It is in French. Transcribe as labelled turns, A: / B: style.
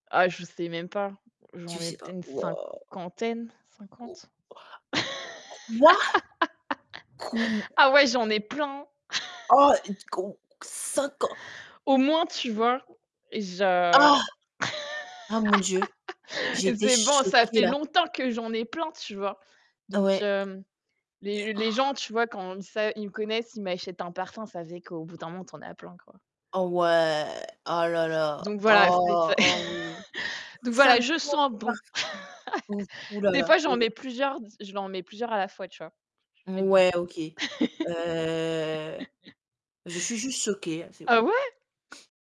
A: Ah je sais même pas.
B: Tu
A: J'en ai
B: sais pas.
A: peut-être,
B: Waouh.
A: cinquantaine, 50.
B: Quoi? Quou
A: Ah ouais, j'en ai plein
B: Oh d quou cinquan
A: Au moins, tu vois, je
B: Ah! Ah mon Dieu, j'étais
A: c'est bon, ça
B: choquée
A: fait
B: là.
A: longtemps que j'en ai plein, tu vois. Donc,
B: Ouais.
A: hem, les les gens, tu vois, quand sa ils me connaissent, ils m'achètent un parfum, ça fait qu'au bout d'un moment, tu en as plein, quoi.
B: Oh ouais, oh là là,
A: Donc voilà, c'est
B: oh,
A: c'est
B: oh oui.
A: donc voilà, je
B: Cinquante
A: sens
B: parf
A: bon
B: ouf, oh là
A: des
B: là,
A: fois, j'en
B: oh ouais.
A: mets plusieurs, j je l'en mets plusieurs à la fois, tu vois [unintelligible]
B: Ouais OK. Heu, je suis juste choquée
A: Ah
B: [unintelligible]
A: ouais?